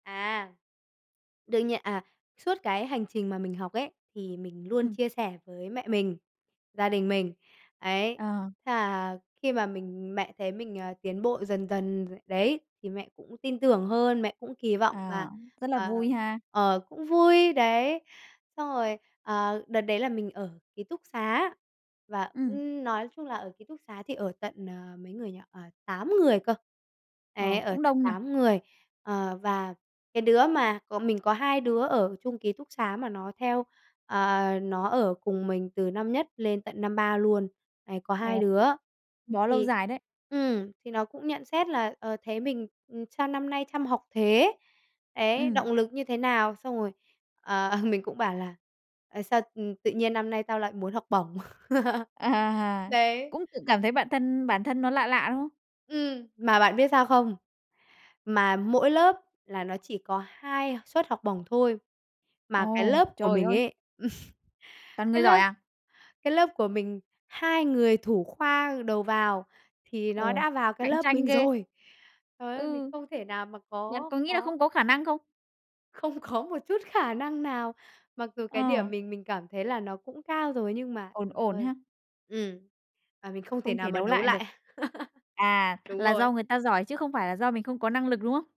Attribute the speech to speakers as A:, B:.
A: À! Đương nhiên à, suốt cái hành trình mà mình học ấy thì mình luôn
B: Ừm.
A: chia sẻ với mẹ mình, gia đình mình ấy
B: Ờ.
A: là khi mà mình mẹ thấy mình, à, tiến bộ dần dần đấy, thì mẹ cũng tin tưởng hơn, mẹ cũng kỳ vọng và,
B: À, rất là
A: ờ,
B: vui ha!
A: ờ, cũng vui đấy. Xong rồi, ờ, đợt đấy là mình ở ký túc xá và,
B: Ừm.
A: ưm, nói chung là ở ký túc xá thì ở tận, ờ, mấy người nhỉ? À, 8 người cơ ấy,
B: Ờ,
A: ở
B: cũng
A: tận
B: đông nhỉ?
A: 8 người, ờ, và cái đứa mà bon mình có hai đứa ở chung ký túc xá mà nó theo, ờ, nó ở cùng mình từ năm nhất lên tận năm 3 luôn. Đấy, có 2
B: Ồ
A: đứa
B: bó lâu
A: thì
B: dài đấy.
A: ừm, thì nó cũng nhận xét là, ờ, thấy mình, ừm, sao năm nay chăm học thế? Đấy,
B: Ừm.
A: động lực như thế nào? Xong rồi, ờ, mình cũng bảo là, ờ, "Sao, ừm, tự nhiên năm nay tao lại muốn học bổng."
B: À!
A: Đấy.
B: Cũng tự cảm thấy bản thân bản thân nó lạ lạ, đúng không?
A: Ừm, mà bạn biết sao không? Mà mỗi lớp là nó chỉ có 2 suất học bổng thôi mà cái
B: Ồ!
A: lớp của
B: Trời
A: mình
B: ơi!
A: ấy,
B: Toàn
A: cái
B: người giỏi
A: lớp
B: à?
A: cái lớp của mình hai người thủ khoa đầu vào thì nó
B: Ồ!
A: đã vào cái
B: Cạnh
A: lớp
B: tranh
A: mình
B: ghê!
A: rồi! Trời ơi! Mình
B: Ừ.
A: không thể nào mà
B: Nhận,
A: có
B: có nghĩ là
A: có
B: không có khả năng không?
A: không có một chút khả năng nào mặc dù cái điểm
B: Ờ.
A: mình mình cảm thấy là nó cũng cao rồi nhưng mà,
B: Ổn
A: trời
B: ổn
A: ơi
B: ha.
A: ừm, mà mình không thể
B: Không
A: nào
B: thể
A: mà
B: đấu
A: đấu
B: lại được.
A: lại.
B: À,
A: Đúng
B: là do
A: rồi.
B: người ta giỏi chứ không phải là do mình không có năng lực, đúng không?